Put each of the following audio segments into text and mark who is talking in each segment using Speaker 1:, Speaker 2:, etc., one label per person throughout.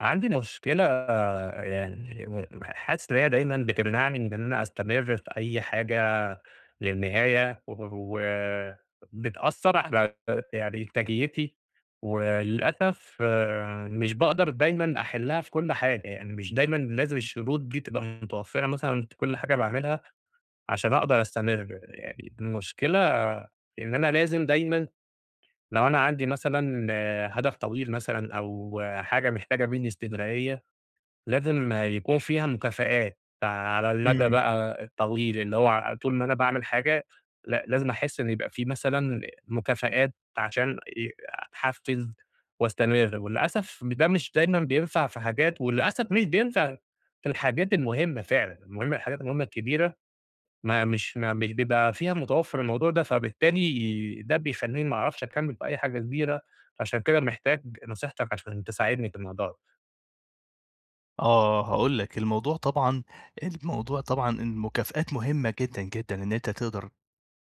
Speaker 1: عندي ن مشكلة يعني ح حاسس إن هي دايمًا بتمنعني بإن أنا أستمر في أي حاجة للنهاية و وبتأثّر علي ت يعني إ إنتاجيتي، وللأسف آآ، مش باقدر دايمًا أحلها في كل حاجة، يعني مش دايمًا لازم الشروط دي تبقى متوفّرة مثلًا في كل حاجة باعملها، عشان أقدر أستمر. يعني المشكلة إن أنا لازم دايمًا لو أنا عندي مثلًا آآ هدف طويل مثلًا أو حاجة محتاجة مني إستمرارية، لازم يكون فيها مكافآت فعلى المدى
Speaker 2: إمم.
Speaker 1: بقى الطويل، اللي هو ع طول ما أنا باعمل حاجة لأ، لازم أحس إن يبقى في مثلًا مكافآت عشان أ أتحفز واستمر. وللأسف ده مش دايمًا بينفع في حاجات، وللأسف مش بينفع في الحاجات المهمة فعلًا، المهمة الحاجات المهمة الكبيرة ما مش ما مش بيبقى فيها متوفر الموضوع ده، فبالتالي ده بيخليني ما أعرفش أكمل في أي حاجة كبيرة، عشان كده محتاج نصيحتك عشان تساعدني في الموضوع ده.
Speaker 2: آه هاقول لك، الموضوع طبعًا الموضوع طبعًا، المكافآت مهمة جدًا، جدًا إن أنت، تقدر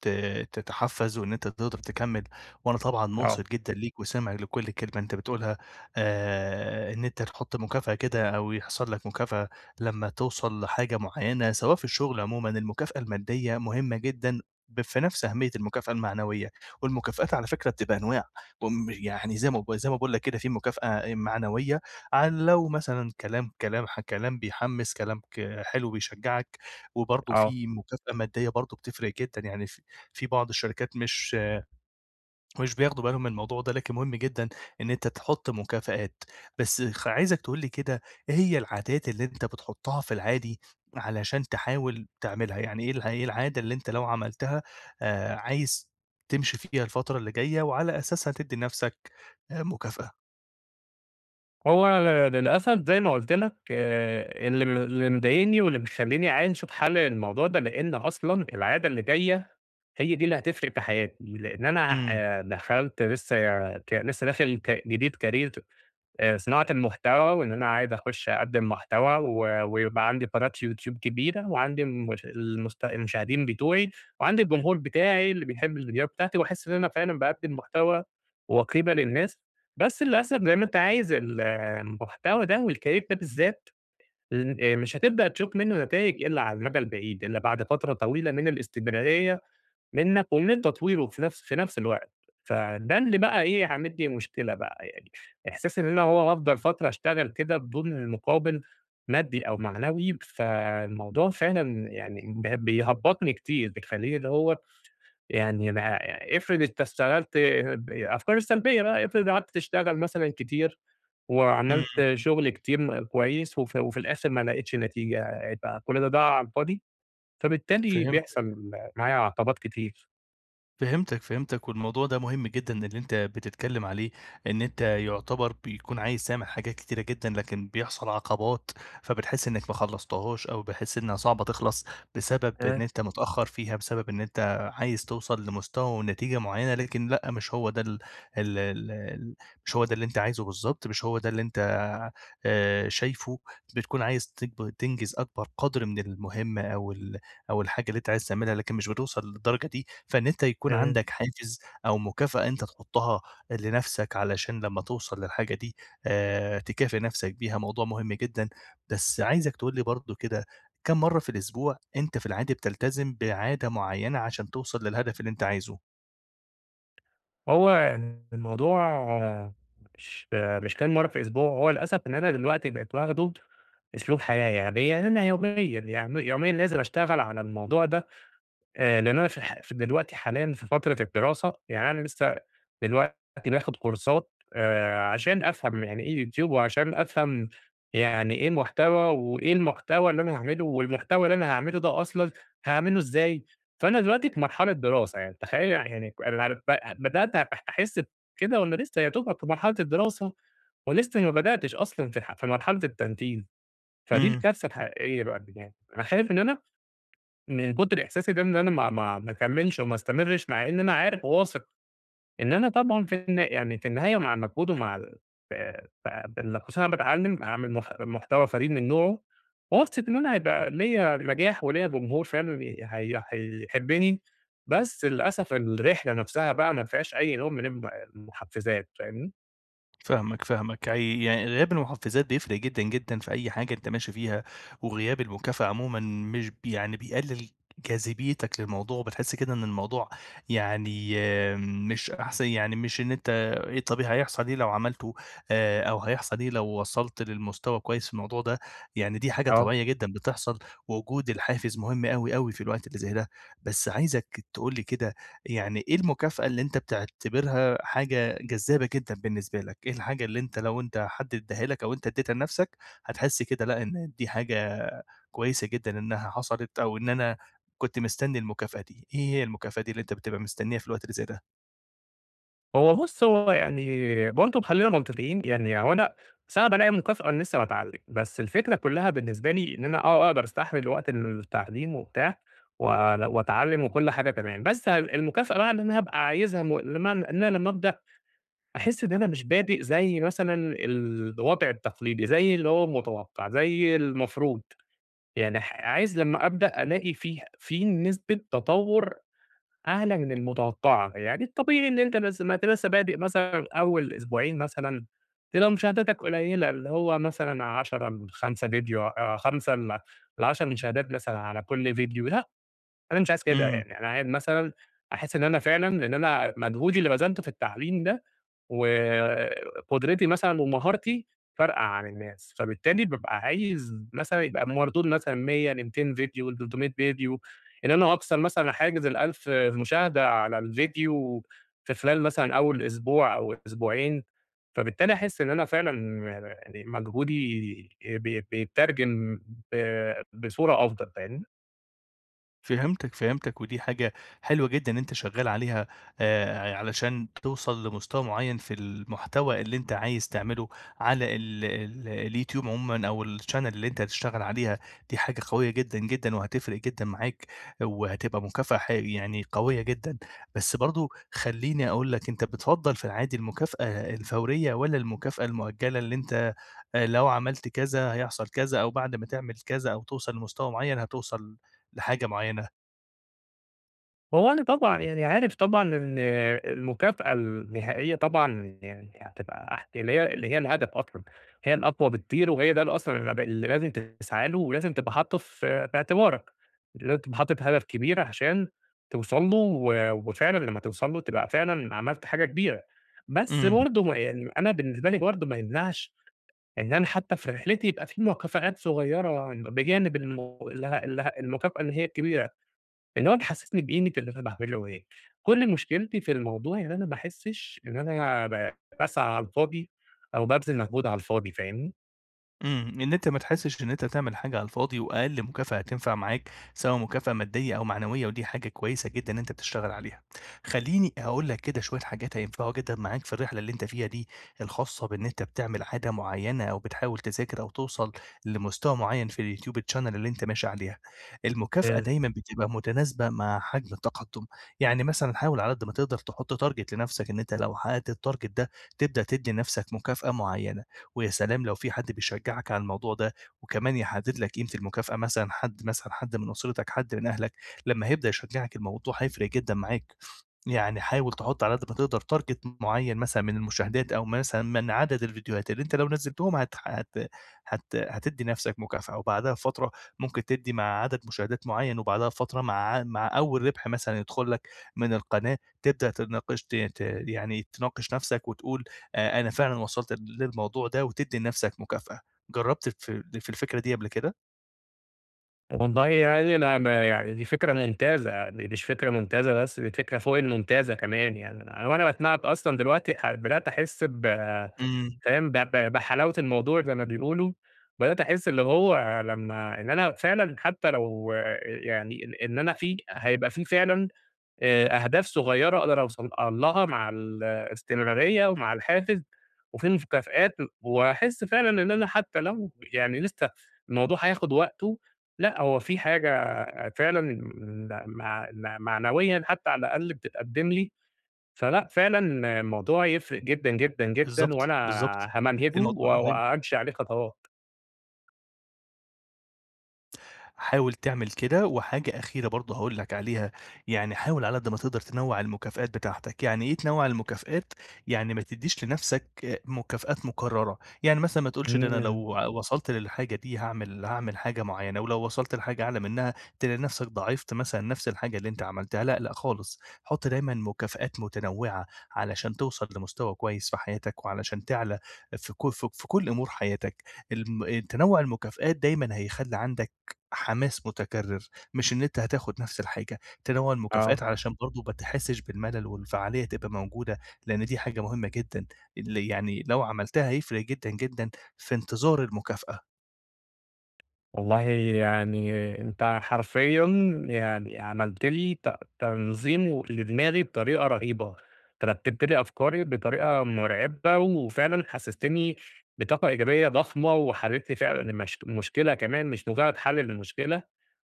Speaker 2: ت تتحفز وإن أنت تقدر تكمل، وأنا طبعًا
Speaker 1: آه.
Speaker 2: مُنصِت جدًا ليك وسامع لكل كلمة أنت بتقولها، آآ إن أنت تحط مكافأة كده أو يحصل لك مكافأة، لما توصل لحاجة معينة سواء في الشغل عمومًا، المكافأة المادية مهمة جدًا ب في نفس أهمية المكافأة المعنوية، والمكافآت على فكرة بتبقى أنواع، امم يعني زي ما زي ما باقول لك كده في مكافأة آآ معنوية عن لو مثلًا كلام كلام ح كلام بيحمس كلام ك حلو بيشجعك، وبرضه
Speaker 1: آه.
Speaker 2: في مكافأة مادية برضه بتفرق جدًا، يعني ف في بعض الشركات مش مش بياخدوا بالهم من الموضوع ده لكن مهم جدًا، إن أنت تحط مكافآت، بس خ عايزك تقول لي كده، إيه هي العادات اللي أنت بتحطها في العادي علشان تحاول تعملها، يعني إيه ال إيه العادة اللي أنت لو عملتها، آآ عايز تمشي فيها الفترة اللي جاية وعلى أساسها تدي نفْسك آآ مكافأة؟
Speaker 1: هو ل للأسف زي ما قلت لك، آآ اللي م اللي مضايقني واللي مخليني عايز أشوف حل للموضوع ده، لإن أصلًا العادة اللي جاية هي دي اللي هتفرق في حياتي، لإن أنا
Speaker 2: إمم.
Speaker 1: آآ دخلت لسه يع ك لسه داخل ك جديد Career آآ صناعة المحتوى، وإن أنا عايز أخش أقدم محتوى، و ويبقى عندي قناة يوتيوب كبيرة، وعندي الم المست المشاهدين بتوعي، وعندي الجمهور بتاعي اللي بيحب الفيديوهات بتاعتي، وأحس إن أنا فعلًا باقدم محتوى وقيمة للناس، بس للأسف زي ما أنت عايز ال المحتوى ده والCareer ده بالذات، ل آآ مش هتبدأ تشوف منه نتايج إلا على المدى البعيد، إلا بعد فترة طويلة من الاستمرارية منك ومن تطويره في نفس في نفس الوقت، فده اللي بقى إيه عامل لي مشكلة بقى يعني، احساس إن أنا هو هافضل فترة اشتغل كده بدون المقابل مادي أو معنوي، فالموضوع فعلًا يعني ب بيهبطني كتير بيخليني اللي هو، يعني أنا إفرض أنت اشتغلت ب الأفكار السلبية بقى، إفرض قعدت تشتغل مثلًا كتير،
Speaker 2: إمم.
Speaker 1: وعملت شغل كتير م كويس، وفي وفي الآخر ما لقيتش نتيجة، يبقى كل ده ضاع على الفاضي؟ فبالتالي
Speaker 2: فهمتك.
Speaker 1: بيحصل معايا عقبات كتير.
Speaker 2: فهمتك، فهمتك، والموضوع ده مهم جدًا اللي أنت بتتكلم عليه، إن أنت يُعتبر بيكون عايز تعمل حاجات كتيرة جدًا، لكن بيحصل عقبات، فبتحس إنك ما خلصتهاش، أو بتحس إنها صعبة تخلص بسبب
Speaker 1: آآ
Speaker 2: إن أنت متأخر فيها، بسبب إن أنت عايز توصل لمستوى ونتيجة معينة. لكن لأ، مش هو ده ال ال ال مش هو ده اللي أنت عايزه بالضبط، مش هو ده اللي أنت آآ، شايفه. بتكون عايز تك تنجز أكبر قدر من المهمة أو ال أو الحاجة اللي أنت عايز تعملها، لكن مش بتوصل للدرجة دي. فإن أنت يكون
Speaker 1: تمام.
Speaker 2: عندك حافز أو مكافأة أنت تحطها لنفسك علشان لما توصل للحاجة دي، آآ، تكافئ نفسك بيها، موضوع مهم جدًا. بس عايزك تقول لي برضه كده، كام مرة في الأسبوع أنت في العادي بتلتزم بعادة معينة عشان توصل للهدف اللي أنت عايزه؟
Speaker 1: هو ال الموضوع مش مش كام مرة في الأسبوع، هو للأسف إن أنا دلوقتي بقيت واخدُه أسلوب حياة، يعني إيه، يعني أنا يوميًا يعن يوميًا لازم أشتغل على الموضوع ده. آآ، لأن أنا في الح ف دلوقتي حاليًا في فترة الدراسة، يعني أنا لسه دلوقتي باخد كورسات آآ ،عشان أفهم يعني إيه Youtube، وعشان أفهم يعني إيه محتوى، وإيه المحتوى اللي أنا هاعمله، والمحتوى اللي أنا هاعمله ده أصلًا هاعمله إزاي. فأنا دلوقتي في مرحلة دراسة يعني، تخيل يعني أنا [unintelligible] بدأت أ أحس بكده وأنا لسه يا دوبك في مرحلة الدراسة، ولسه ما بدأتش أصلًا في ح في مرحلة [unintelligible] فدي
Speaker 2: إمم.
Speaker 1: الكارثة الحقيقية بقى اللي جاي. أنا خايف إن أنا من كتر إحساسي ده إن أنا ما ما ما اكملش وما استمرش، مع إن أنا عارف وواثق إن أنا طبعًا في الن يعني في النهاية، مع المجهود ومع ال ف ف بال خصوصًا إن أنا باتعلم أعمل مح محتوى فريد من نوعه، وواثق إن أنا هيبقى ليا نجاح وليا جمهور فعلًا ي حي هيحبني، بس للأسف الرحلة نفسها بقى ما فيهاش أي نوع من الم المحفزات، فاهمني؟
Speaker 2: فاهمك، فاهمك. عي يعني غياب المُحفِّزات بيفرق جدًا، جدًا، في أي حاجة أنت ماشي فيها. وغياب المكافأة عمومًا مش ب يعني بيقلل جاذبيتك للموضوع. وبتحس كده إن الموضوع يعني مش أحسن يعني مش إن أنت إيه طب هيحصل إيه لو عملته، آآ أو هيحصل إيه لو وصلت للمستوى كويس في الموضوع ده. يعني دي حاجة
Speaker 1: آه.
Speaker 2: طبيعية جدًا بتحصل، ووجود الحافز مهم أوي، أوي في الوقت اللي زي ده. بس عايزك تقول لي كده، يعني إيه المكافأة اللي أنت بتعتبرها حاجة جذّابة جدًا بالنسبة لك؟ إيه الحاجة اللي أنت لو أنت حد إداّها لك، أو أنت إدّيتها لنفسك، هتحس كده لأ، إن دي حاجة كويسة جدًا إنها حصلت، أو إن أنا كنت مستنّي المكافأة دي؟ إيه هي المكافأة دي اللي أنت بتبقى مستنّيها في الوقت اللي زي ده؟
Speaker 1: هو بُص، هو يعني برضه م خلّينا منطقيين، يعني هو أنا صعب ألاقي مكافأة وأنا لسّه باتعلّم. بس الفكرة كلّها بالنسبة لي إن أنا آه، أقدر أستحمل وقت التعليم وبتاع، ول وأتعلّم، وكل حاجة تمام. بس ه المكافأة بقى إن أنا هابقى عايزها م لمعنى إن أنا لمّا أبدأ، أحِسْ إن أنا مش بادئ زي مثلًا الوضع التقليدي، زي اللي هو متوقّع، زي المفروض. يعني ح عايز لمّا أبدأ، ألاقي فيه في نسبة تطوّر أعلى من المتوقّعة. يعني الطبيعي إن أنت لسّه ما أنت لسّه بادئ مثلًا أوّل أسبوعين مثلًا، تبقى مشاهداتك قليّلة اللي هو مثلًا 10 من 5 فيديو أ 5 ل ل10 مشاهدات مثلًا على كل فيديو لأ، أنا مش عايز كده.
Speaker 2: إمم.
Speaker 1: يعني أنا عاي مثلًا أحِسْ إن أنا فعلًا لإن أنا مجهودي اللي بَذلته في التعليم ده، وقُدرتي مثلًا، ومهارتي فارقة عن الناس. فبالتالي بابقى عايز مثلًا يبقى المردود مثلًا 100 ل200 فيديو ل300 فيديو. إن أنا أكسر مثلًا حاجز ال1000 مشاهدة على الفيديو في خلال مثلًا أول أسبوع، أو أسبوعين، فبالتالي أحِسْ إن أنا فعلًا أب آآ مجهودي بي بيتّرجم ب بصورة أفضل. فاهمني؟
Speaker 2: فهمتك، فهمتك، ودي حاجة حلوة جدًا إن أنت شغال عليها، آآ، ع علشان توصل لمستوى معين في المحتوى اللي أنت عايز تعمله على ال ال اليوتيوب عمومًا أو الchannel اللي أنت هتشتغل عليها، دي حاجة قوية جدًا، جدًا، وهتفرق جدًا معاك وهتبقى مكافأة ح يعني قوية جدًا، بس برضو خلّيني أقول لك أنت بتفضّل في العادي المكافأة الفورية والّا المكافأة المؤجلة، اللي أنت لو عملت كذا هيحصل كذا، أو بعد ما تعمل كذا أو توصل لمستوى معين هتوصل لحاجة معينة؟
Speaker 1: هو أنا طبعًا يعني عارف طبعًا إن المكافأة النهائية طبعًا يعني هتبقى اح اللي هي اللي هي الهدف أصلًا، هي الأقوى بكتير، وهي ده الأصلًا الب لازم تسعى له ولازم تبقى حاطه ف في اعتبارك، لازم تبقى حاطط هدف كبير عشان توصل له، و وفعلًا لما توصل له تبقى فعلًا عملت حاجة كبيرة، بس
Speaker 2: إمم.
Speaker 1: برضو م يعني أنا بالنسبة لي برضو ما يمنعش إن أنا حتى في رحلتي يبقى في مكافآت صغيرة بجانب الم ال ال المكافأة اللي هي الكبيرة، اللي هو تحسسني بقيمة اللي أنا باعمله إيه، كل مشكلتي في الموضوع يعني إن أنا ما أحسش إن أنا ب باسعى على الفاضي أو بابذل مجهود على الفاضي، فاهمني؟
Speaker 2: إمم، إن أنت ما تحسش إن أنت تعمل حاجة على الفاضي، وأقل مكافأة هتنفع معاك، سواء مكافأة مادية أو معنويّة، ودي حاجة كويّسة جدًا إن أنت تشتغل عليها. خلّيني أقول لك كده شويّة حاجات هينفعوا جدًا معاك في الرحلة اللي أنت فيها دي الخاصة بإن أنت بتعمل عادة معيّنة أو بتحاول تذاكر أو توصل لمستوى معيّن في الYouTube channel اللي أنت ماشي عليها. المكافأة
Speaker 1: آآ
Speaker 2: دايمًا بتبقى متناسبة مع حجم التقدّم، يعني مثلًا حاول على قدّ ما تقدر تحط target لنفسك، أنت لو حققت الtarget ده تبدأ تدّي نفسك مكافأة معيّنة، ويا سلام لو في حد بيشجعك على الموضوع ده وكمان يحدد لك قيمة المكافأة، مثلًا حد مثلًا حد من أسرتك، حد من أهلك، لمّا هيبدأ يشجعك الموضوع هيفرق جدًا معاك. يعني حاول تحط على قدّ ما تقدر target معيّن مثلًا من المشاهدات، أو مثلًا من عدد الڤيديوهات اللي أنت لو نزلتهم هت هت هت هتدي نفسك مكافأة، وبعدها بفترة ممكن تدّي مع عدد مشاهدات معيّن، وبعدها بفترة مع ع مع أوّل ربح مثلًا يدخل لك من القناة، تبدأ تناقش ت ت يعني تناقش نفسك وتقول آآ أنا فعلًا وصلت للموضوع ده، وتدّي لنفسك مكافأة. جرّبت الف في الفكرة دي قبل كده؟
Speaker 1: والله يعني أنا ما يعني دي فكرة ممتازة، يعني مش فكرة ممتازة بس، دي فكرة فوق الممتازة كمان يعني. وأنا باسمعك أصلًا دلوقتي ح بدأت أحس ب
Speaker 2: إمم.
Speaker 1: فاهم؟ ب ب بحلاوة الموضوع زي ما بيقولوا. بدأت أحس اللي هو لمّا إن أنا فعلًا حتّى لو يعني إن أنا في هيبقى في فعلًا آآ أهداف صغيّرة أقدر أوصل لها مع ال الاستمرارية ومع الحافز، وفي مكافآت، وهاحس فعلًا إن أنا حتّى لو يعني لسّه الموضوع هياخد وقته، لأ، هو في حاجة فعلًا م مع معنويًا حتّى على الأقل بتتقدم لي. فلأ، فعلًا الموضوع يفرق جدًا، جدًا، جدًا،
Speaker 2: بالضبط،
Speaker 1: وأنا
Speaker 2: بالضبط،
Speaker 1: هامنهجه و
Speaker 2: الموضوع ه أيوه.
Speaker 1: وأمشي عليه خطوات.
Speaker 2: حاول تعمل كده. وحاجة أخيرة برضو هاقول لك عليها، يعني حاول على ما تقدر تنوّع المكافآت بتاعتك. يعني إيه تنوع المكافآت؟ يعني ما تدّيش لنفسك مكافآت مكررة. يعني مثلًا ما تقولش ده أنا
Speaker 1: إمم.
Speaker 2: لو وصلت للحاجة دي هاعمل هاعمل حاجة معينة، ولو وصلت لحاجة أعلى منها تلاقي نفسك ضاعفت مثلًا نفْس الحاجة اللي أنت عملتها. لا، لأ خالص. حط دايمًا مكافآت متنوعة، علشان توصل لمستوى كويس في حياتك، وعلشان تعلى ف ك في كل أمور حياتك. الم تنوع المكافآت دايمًا هيخلي عندك حماس متكرر، مش إن أنت هتاخد نفْس الحاجة. تنوع
Speaker 1: آه.
Speaker 2: المكافآت علشان برضو ما تحسش بالملل، والفعالية تبقى موجودة. لأن دي حاجة مهمة جدًا، ال يعني لو عملتها هيفرق جدًا، جدًا في انتظار المكافأة.
Speaker 1: والله يعني أنت حرفيًا يعني عملت لي ت تنظيم و لدماغي بطريقة رهيبة، أنت رتبت لي أفكاري بطريقة مرعبة، وفعلًا حسستني بطاقة إيجابية ضخمة، وحليت لي فعلًا الم المشكلة كمان مش مجرد حل للمشكلة.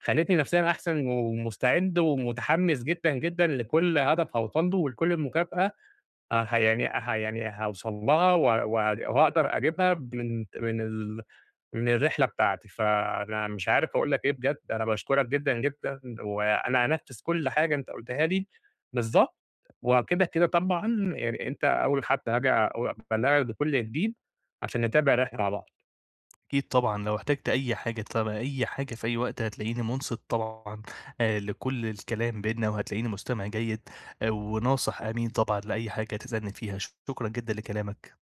Speaker 1: خليتني نفسيًا أحسن، ومستعد ومتحمّس جدًا جدًا لكل هدف هأوصل له، ولكل المكافأة، أ يعني ح يعني هاوصل لها واق وهأقدر أجيبها من من ال من الرحلة بتاعتي. فأنا مش عارف أقول لك إيه بجد، أنا باشكرك جدًا جدًا، وأنا هانفذ كل حاجة أنت قلتها لي بالضبط، وكده كده طبعًا يعني أنت أوّل حد هاجي اق أبلغك بكل جديد عشان نتابع الرحلة مع بعض.
Speaker 2: أكيد طبعًا، لو احتجت أي حاجة تبع أي حاجة في أي وقت، هتلاقيني منصت طبعًا آآ لكل الكلام بينّا، وهتلاقيني مستمع جيد وناصح أمين طبعًا لأي حاجة تسألني فيها. شكرًا جدًا لكلامك.